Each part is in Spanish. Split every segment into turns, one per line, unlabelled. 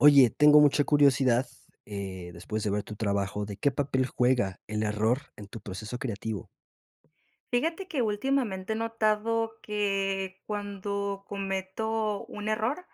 Oye, tengo mucha curiosidad, eh, después de ver tu trabajo, ¿de qué papel juega el error en tu proceso creativo?
Fíjate que últimamente he notado que cuando cometo un error,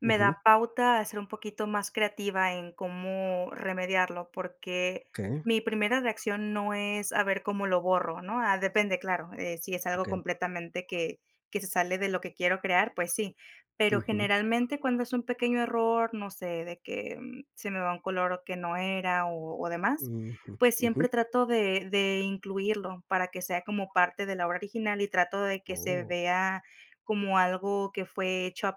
me
Ujú.
da pauta a ser un poquito más creativa en cómo remediarlo, porque
Okey.
mi primera reacción no es a ver cómo lo borro, ¿no? Ah, depende, claro, eh, si es algo
Okey.
completamente que que se sale de lo que quiero crear, pues, sí. Pero
Ujú.
generalmente cuando es un pequeño error, no sé, de que se me va un color que no era, o o, demás,
Ujú,
pues
ujú.
siempre trato de de incluirlo para que sea como parte de la obra original, y trato de que se
Oh.
vea como algo que fue hecho a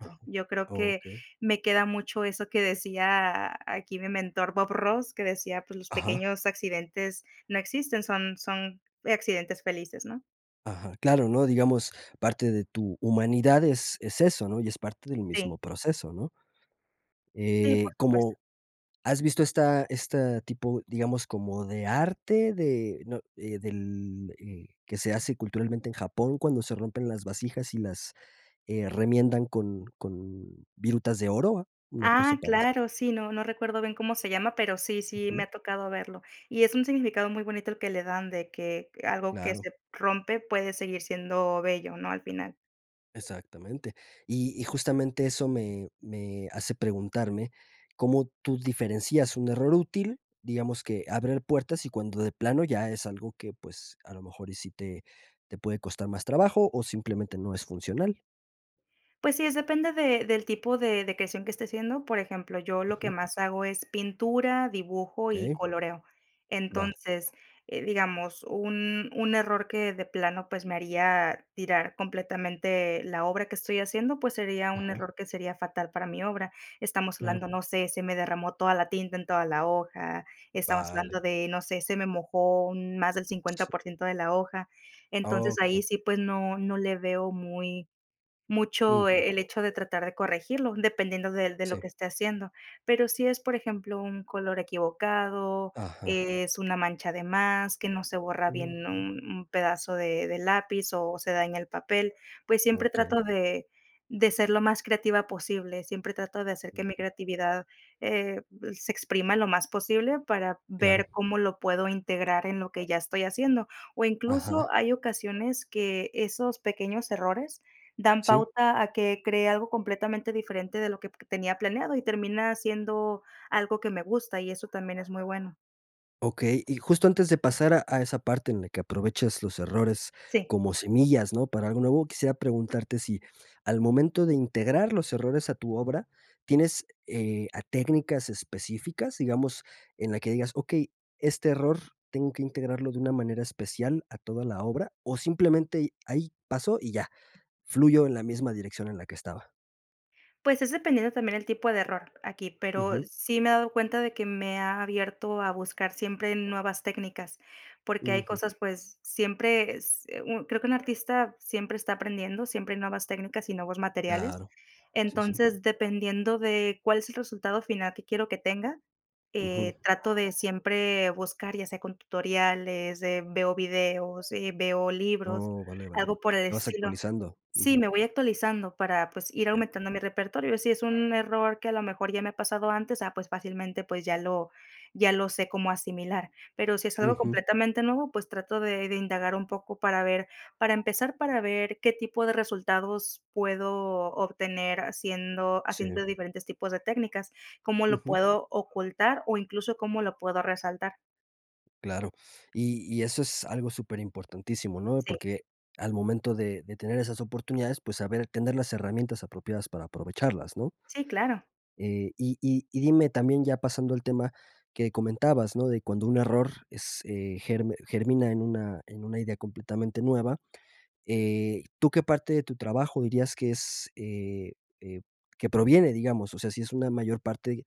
Ajá,
Yo creo que
okey.
me queda mucho eso, que decía aquí mi mentor Bob Ross, que decía: "Pues, los
Ajá.
pequeños accidentes no existen son son accidentes felices ¿no?"
Ajá, claro, ¿no? Digamos, parte de tu humanidad es es eso, ¿no? Y es parte del
Sí.
mismo proceso, ¿no?
Sí, por
Eh,
supuesto.
como has visto esta esta tipo, digamos, como de arte, de ¿no? Eh, del, eh, que se hace culturalmente en Japón cuando se rompen las vasijas y las, eh, remiendan con con virutas de oro, una cosa
Ah,
parecida.
claro, sí, no no recuerdo bien cómo se llama, pero sí sí me
Ujú.
ha tocado verlo. Y es un significado muy bonito el que le dan de que algo que
Claro.
se rompe puede seguir siendo bello, ¿no? Al final.
Exactamente. Y y justamente eso me me hace preguntarme, ¿cómo tú diferencias un error útil? Digamos que abrir puertas y cuando de plano ya es algo que pues a lo mejor y si te te puede costar más trabajo o simplemente no es funcional.
Pues sí, es depende de del tipo de de creación que esté haciendo. Por ejemplo, yo lo que
Ujú.
más hago es pintura, dibujo y
Okey.
coloreo.
Vale.
Entonces, eh, digamos, un un error que de plano, pues, me haría tirar completamente la obra que estoy haciendo, pues, sería un
Ajá.
error que sería fatal para mi obra. Estamos
Claro.
hablando, no sé, se me derramó toda la tinta en toda la hoja, estamos
Vale.
hablando de, no sé, se me mojó un más del cincuenta
Sí.
por ciento de la hoja. Entonces, ahí
Okey.
sí, pues, no no le veo muy mucho,
Ujú.
eh, el hecho de tratar de corregirlo, dependiendo del de lo
Sí.
que esté haciendo. Pero si es, por ejemplo, un color equivocado,
Ajá.
es una mancha de más, que no se borra bien
Ujú.
un un pedazo de de lápiz o se daña el papel, pues siempre
Okey.
trato de de ser lo más creativa posible, siempre trato de hacer que mi
Ujú.
creatividad, eh, se exprima lo más posible para ver
Claro.
cómo lo puedo integrar en lo que ya estoy haciendo. O incluso
Ajá.
hay ocasiones que esos pequeños errores dan
Sí.
pauta a que creé algo completamente diferente de lo que p tenía planeado y termina siendo algo que me gusta y eso también es muy bueno.
Okey, y justo antes de pasar a a esa parte en la que aprovechas los errores
Sí.
como semillas, ¿no? Para algo nuevo quisiera preguntarte, si al momento de integrar los errores a tu obra, tienes, eh, a técnicas específicas, digamos, en la que digas: "Okey, este error tengo que integrarlo de una manera especial a toda la obra", o, simplemente y, ahí pasó y ya, fluyó en la misma dirección en la que estaba.
Pues es dependiendo también el tipo de error aquí, pero
Ujú.
sí me he dado cuenta de que me ha abierto a buscar siempre nuevas técnicas, porque hay
Ujú.
cosas, pues, siempre s un creo que un artista siempre está aprendiendo, siempre nuevas técnicas y nuevos materiales.
Claro, sí, sí.
Entonces, dependiendo de cuál es el resultado final que quiero que tenga,
Ujú.
eh, trato de siempre buscar, ya sea, con tutoriales de veo videos, eh, veo libros,
Oh, vale, vale.
algo por el
¿Te vas
estilo
actualizando?
Sí,
Ujú.
me voy actualizando para, pues, ir
Ya.
aumentando mi repertorio. Si es un error que a lo mejor ya me ha pasado antes, ah, pues, fácilmente, pues, ya lo ya lo sé cómo asimilar. Pero si es algo
Ujú.
completamente nuevo, pues, trato de de indagar un poco para ver para empezar, para ver qué tipo de resultados puedo obtener haciendo
Sí.
haciendo diferentes tipos de técnicas, ¿cómo lo
Ujú.
puedo ocultar? O incluso, ¿cómo lo puedo resaltar?
Claro, y y eso es algo súper importantísimo, ¿no?,
Sí.
porque al momento de de tener esas oportunidades, pues, saber tener las herramientas apropiadas para aprovecharlas, ¿no?
Sí, claro.
Eh, y y y dime también ya pasando al tema que comentabas, ¿no?, de cuando un error es, eh, ger germina en una en una idea completamente nueva, eh, ¿tú qué parte de tu trabajo dirías que es, eh eh, que proviene, digamos? O sea, si es una mayor parte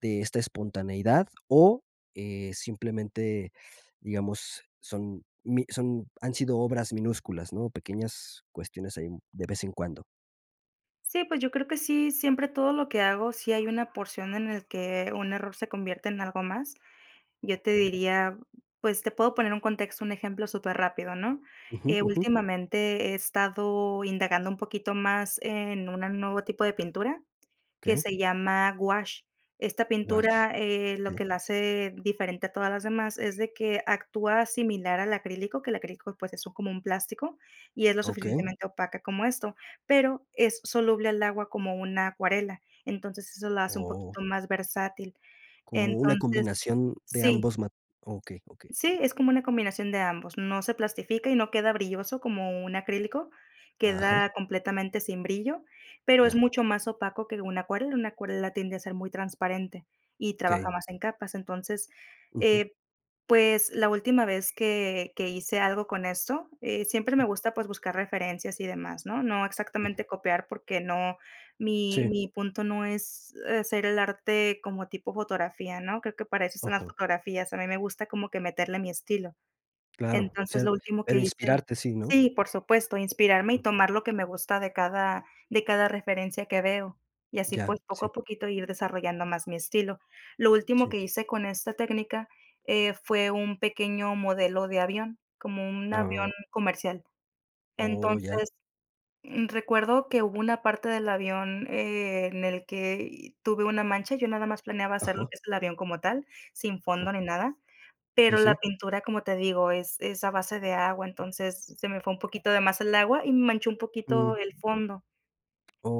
de esta espontaneidad o, eh, simplemente, digamos, son mi son han sido obras minúsculas, ¿no? Pequeñas cuestiones ahí de vez en cuando.
Sí, pues yo creo que sí, siempre todo lo que hago, sí hay una porción en el que un error se convierte en algo más. Yo te
Okey.
diría, pues, te puedo poner un contexto, un ejemplo súper rápido, ¿no?,
Ujú,
eh,
ujú.
últimamente he estado indagando un poquito más en una nuevo tipo de pintura que
Qué.
se llama gouache, esta
Gouache,
pintura, eh, lo
okey.
que la hace diferente a todas las demás es de que actúa similar al acrílico, que el acrílico pues eso como un plástico, y es lo
Okey.
suficientemente opaca como esto, pero es soluble al agua como una acuarela, entonces, eso lo hace un poquito
Oh.
más versátil,
Como una
entonces,
combinación de
sí.
ambos mat okey, okey.
Sí, es como una combinación de ambos, no se plastifica y no queda brilloso como un acrílico,
Ajá.
queda completamente sin brillo, pero es
Ya.
mucho más opaco que una acuarela, una acuarela tiende a ser muy transparente y trabaja
Okey.
más en capas, entonces,
Ujú.
eh, pues, la última vez que que hice algo con esto, eh, siempre
Sí.
me gusta, pues, buscar referencias y demás, ¿no?, no
Sí.
exactamente copiar porque no, mi
Sí.
mi punto no es hacer el arte como tipo fotografía, ¿no? Creo que para eso son las
Ajá.
fotografías, a mí me gusta como que meterle mi estilo.
Claro, o
Entonces,
sea,
lo último que
el
hice
inspirarte sí, ¿no?
sí, por supuesto, inspirarme y tomar lo que me gusta de cada de cada referencia que veo, y así,
Ya,
pues, poco
sí.
a poquito ir desarrollando más mi estilo, lo último
Sí.
que hice con esta técnica, eh, fue un pequeño modelo de avión, como un avión
Oh.
comercial,
Oh, ya.
entonces, mm, recuerdo que hubo una parte del avión, eh, en el que tuve una mancha, yo nada más planeaba hacer lo
Ajá.
que es el avión como tal, sin fondo
Ah.
ni nada,
Sí,
pero la
sí.
pintura, como te digo, es es a base de agua, entonces, se me fue un poquito de más el agua y manchó un
Mm.
poquito el fondo,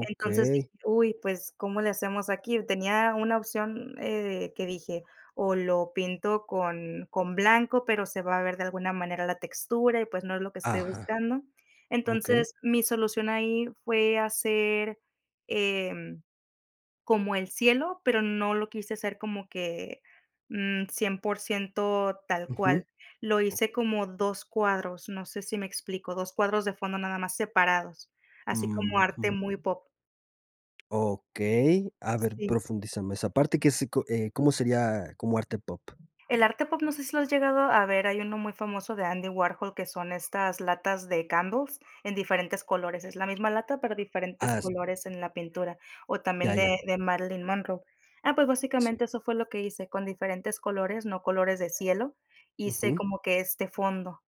entonces, dije: "Uy, pues, ¿cómo le hacemos aquí?". Tenía una opción, eh, que dije: "O lo pinto con con blanco, pero se va a ver de alguna manera la textura, y pues, no es lo que estoy
Ajá,
buscando",
okey.
entonces, mi solución ahí fue hacer, em, como el cielo, pero no lo quise hacer como que, mm, 100% tal
Ujú,
cual, lo hice
oke
como 2 cuadros, no sé si me explico, 2 cuadros de fondo nada más separados, así como arte
Ujú.
muy pop.
Okey, a ver,
Sí.
profundízame esa parte, ¿que se co eh, cómo sería como arte pop?
El arte pop no sé si lo has llegado a ver, hay uno muy famoso de Andy Warhol, que son estas latas de Candles en diferentes colores. Es la misma lata, pero diferentes
Ah, s
colores en la pintura. O
Ya,
también
ya.
de de Marilyn Monroe. Ah, pues
Sí.
básicamente eso fue lo que hice con diferentes colores, no colores de cielo, hice
Ujú.
como que este fondo.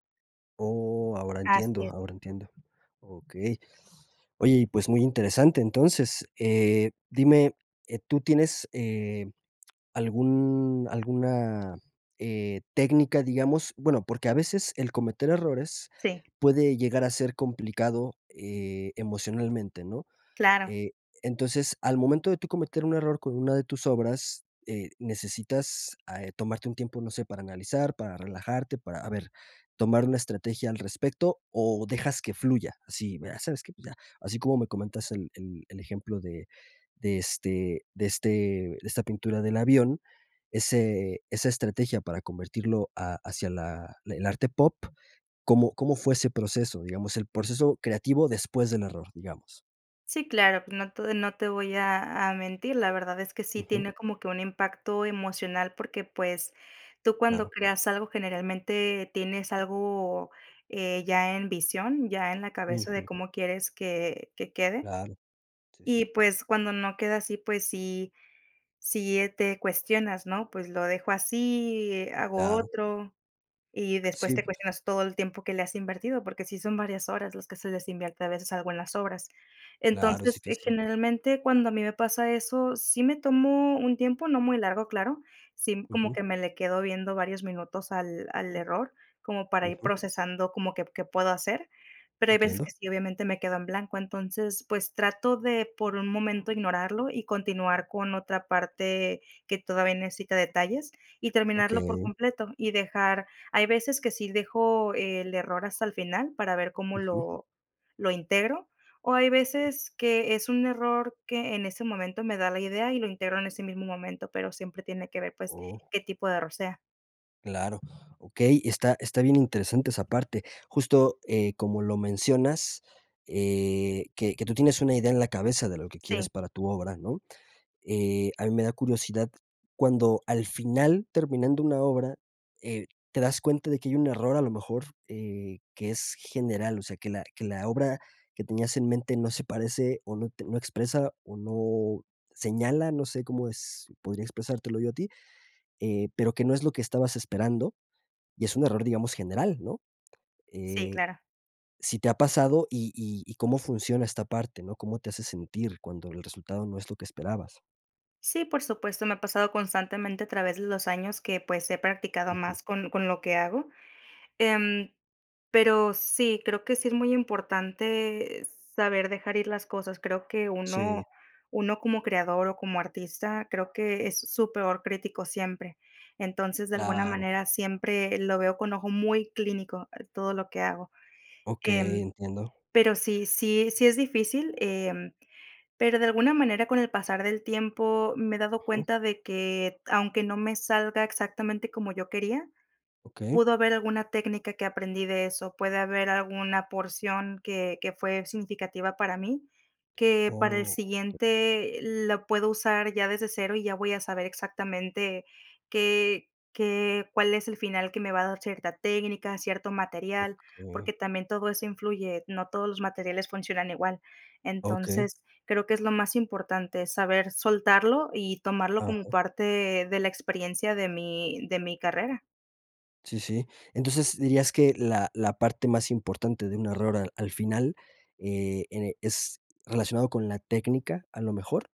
Oh, ahora entiendo,
Así es.
ahora entiendo. Okey, oye, y, pues, muy interesante entonces, eh, dime, eh, ¿tú tienes, eh, algún alguna, eh, técnica, digamos? Bueno, porque a veces el cometer errores
Sí.
puede llegar a ser complicado, eh, emocionalmente, ¿no?
Claro.
Eh, entonces, al momento de tú cometer un error con una de tus obras, eh, necesitas a eh, tomarte un tiempo, no sé, para analizar, para relajarte, para, a ver, tomar una estrategia al respecto, o, dejas que fluya. Así, ¿sabes qué? Pues ya, así como me comentas el el el ejemplo de de este de este de esta pintura del avión, ese esa estrategia para convertirlo a hacia la el arte pop, ¿cómo cómo fue ese proceso? Digamos, el proceso creativo después del error, digamos.
Sí, claro, pues no te no te voy a a mentir, la verdad es que sí
Ujú.
tiene como que un impacto emocional porque, pues, tú cuando
Claro.
creas algo generalmente tienes algo, eh, ya en visión, ya en la cabeza de
Ujú.
cómo quieres que que quede.
Claro. Sí, sí.
Y pues cuando no queda así pues si si, eh, te cuestionas ¿no?: "¿Pues lo dejo así, hago
Claro.
otro?", y después
Sí,
te
pues
cuestionas todo el tiempo que le has invertido, porque sí son varias horas las que se les invierte a veces algo en las obras.
Claro, es
Entonces, eh,
difícil.
generalmente cuando a mí me pasa eso, sí me tomo un tiempo, no muy largo, claro. Sí, como
Ujú.
que me le quedo viendo varios minutos al al error, como para ir
Ujú.
procesando como que p qué puedo hacer, pero hay veces que
Entiendo.
sí obviamente me quedo en blanco, entonces pues trato de por un momento ignorarlo y continuar con otra parte que todavía necesita detalles y terminarlo por
Okey.
completo y dejar hay veces que sí dejo el error hasta el final para ver cómo
Ujú.
lo lo integro, o hay
Okey.
veces que es un error que en ese momento me da la idea y lo integro en ese mismo momento, pero siempre tiene que ver pues
¡Oh!
qué tipo de error sea.
Claro, okey, está está bien interesante esa parte, justo eh como lo mencionas, eh, que que tú tienes una idea en la cabeza de lo que quieres
Sí.
para tu obra, ¿no? Eh, a mí me da curiosidad cuando al final terminando una obra, eh, te das cuenta de que hay un error a lo mejor, eh, que es general, o sea que la que la obra que tenías en mente no se parece o not no expresa o no señala, no sé cómo es podría expresártelo yo a ti, eh, pero que no es lo que estabas esperando y es un error, digamos, general, ¿no?
Sí,
Eh,
claro.
si te ha pasado y y y cómo funciona esta parte, ¿no? ¿Cómo te hace sentir cuando el resultado no es lo que esperabas?
Sí, por supuesto me ha pasado constantemente a través de los años que pues he practicado
Ujú.
más con con lo que hago. Em, pero sí, creo que sí es muy importante saber dejar ir las cosas. Creo que
Sí.
uno uno como creador o como artista creo que e es su peor crítico siempre. Entonces de alguna
Claro.
manera siempre lo veo con ojo muy clínico, eh, todo lo que hago. Em,
Okey. Entiendo.
pero sí sí sí es difícil, em, pero de alguna manera con el pasar del tiempo me he dado
Ujú.
cuenta de que aunque no me salga exactamente como yo quería,
Okey.
pudo haber alguna técnica que aprendí de eso, puede haber alguna porción que que fue significativa para mí, que para el
Oh.
siguiente, eh, lo puedo usar ya desde cero y ya voy a saber exactamente qué qué cuál es el final que me va a dar cierta técnica, cierto material
Okey.
porque también todo eso influye, no todos los materiales funcionan igual.
Okey.
Entonces creo que es lo más importante, saber soltarlo y tomarlo como
Aja.
parte de la experiencia de mi de mi carrera.
Sí, sí. Entonces, dirías que la la parte más importante de un error al al final, eh, ene ¿es relacionado con la técnica, a lo mejor?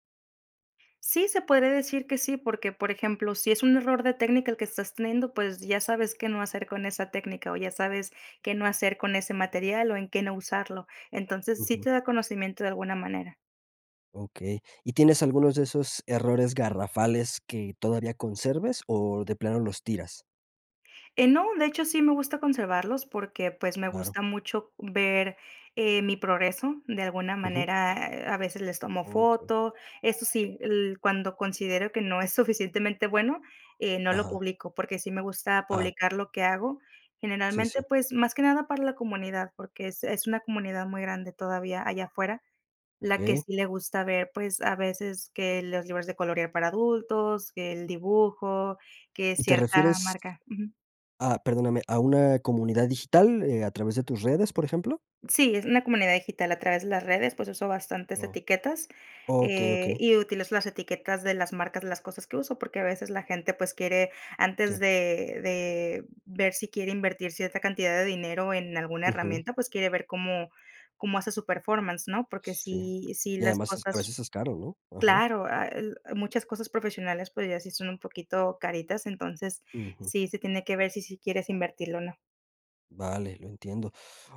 Sí, se podría decir que sí, porque por ejemplo, si es un error de técnica el que estás teniendo, pues, ya sabes qué no hacer con esa técnica, o ya sabes qué no hacer con ese material, o en qué no usarlo. Entonces, sí
Ujú.
te da conocimiento de alguna manera.
Okey, ¿y tienes algunos de esos errores garrafales que todavía conserves o de plano los tiras?
Eh, no, de hecho, sí me gusta conservarlos porque, pues, me
Claro.
gusta mucho ver, eh, mi progreso. De alguna
Ujú.
manera, a veces les tomo
Okey.
foto, eso sí, el cuando considero que no es suficientemente bueno, eh, no lo
Ajá.
publico, porque sí me gusta
Ah.
publicar lo que hago.
Sí,
Generalmente,
sí.
pues, más que nada para la comunidad, porque es es una comunidad muy grande todavía allá afuera, la que
Okey.
sí le gusta ver, pues, a veces que los libros de colorear para adultos, que el dibujo, que
¿Y te
cierta
refieres?
marca. Ujú.
Ah, perdóname, ¿a una comunidad digital, eh, a través de tus redes, por ejemplo?
Sí, es una comunidad digital a través de las redes, pues uso bastantes
Oh.
etiquetas,
Okey,
eh,
okey.
y utilizo las etiquetas de las marcas de las cosas que uso, porque a veces la gente pues quiere, antes
Sí.
de de ver si quiere invertir cierta cantidad de dinero en alguna
Ujú.
herramienta, pues, quiere ver cómo cómo hace su performance, ¿no? Porque
Sí.
sí sí
Y
las
además es a
cosas,
veces es caro, ¿no? Ajá.
claro, ah, muchas cosas profesionales, pues, ya sí son un poquito caritas. Entonces,
Ujú.
sí se tiene que ver si sí quieres invertirlo o no.
Vale, lo entiendo.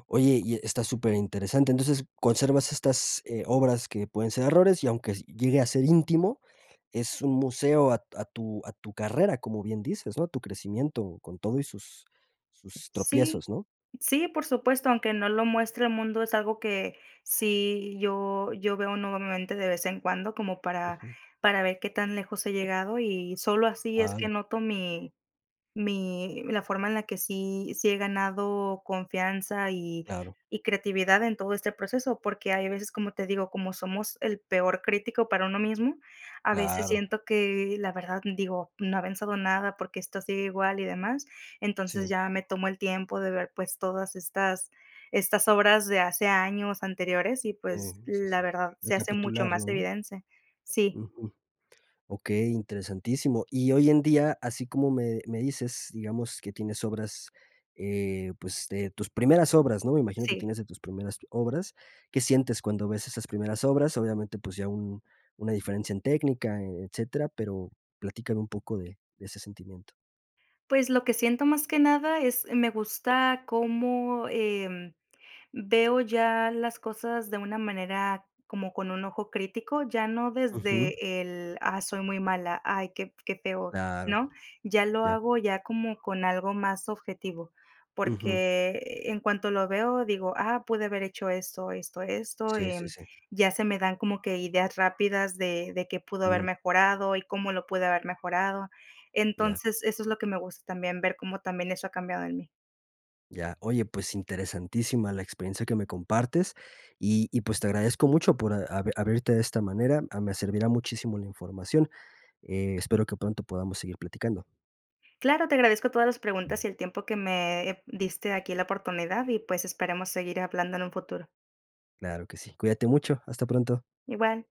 Oye, y e está súper interesante. Entonces, conservas estas, eh, obras que pueden ser errores y aunque s llegue a ser íntimo, es un museo a a tu a tu carrera, como bien dices, ¿no? Tu crecimiento con todo y sus sus
Sí.
tropiezos, ¿no?
Sí, por supuesto, aunque no lo muestre el mundo, es algo que sí yo yo veo nuevamente de vez en cuando como para
Ujú.
para ver qué tan lejos he llegado, y solo así es que
Vale.
noto mi mi la forma en la que sí sí he ganado confianza y
Claro.
y creatividad en todo este proceso. Porque hay veces, como te digo, como somos el peor crítico para uno mismo a veces
Claro.
siento que, la verdad, digo: "No ha avanzado nada, ¿por qué esto sigue igual?". Y demás. Entonces,
Sí.
ya me tomo el tiempo de ver, pues, todas estas estas obras de hace años anteriores. Y,
Sí.
pues,
Sí,
la
sí.
verdad, se hace mucho
Recapitularlo,
más
¿no?
evidente. Sí.
Ujú. Okey, interesantísimo. Y hoy en día, así como me me dices, digamos, que tienes obras, eh, pues, de tus primeras obras, ¿no? Me imagino que
Sí.
tienes de tus primeras obras, ¿qué sientes cuando ves esas primeras obras? Obviamente, pues, ya un una diferencia en técnica, e etcétera. Pero platícame un poco de de ese sentimiento.
Pues lo que siento más que nada, es me gusta como, em, veo ya las cosas de una manera como con un ojo crítico. Ya no
Ujú.
desde el, ah, soy muy mala. Ay, qué f qué feo,
Claro.
¿no? Ya lo
Ya.
hago ya como con algo más objetivo.
Ujú.
Porque en cuanto lo veo, digo: "Ah, pude haber hecho esto, esto, esto",
Sí, sí,
em,
sí.
ya se me dan como que ideas rápidas de de qué pudo haber
Ujú.
mejorado, y cómo lo pude haber mejorado.
Ya.
Entonces, eso es lo que me gusta también, ver cómo también eso ha cambiado en mí.
Ya. Oye, pues interesantísima la experiencia que me compartes, y y, pues, te agradezco mucho por a abrirte de esta manera, me servirá muchísimo la información. Eh, espero que pronto podamos seguir platicando.
Claro. Te agradezco todas las preguntas y el tiempo que me, eh, diste aquí la oportunidad, y, pues, esperemos seguir hablando en un futuro.
Claro que sí. Cuídate mucho, hasta pronto.
Igual.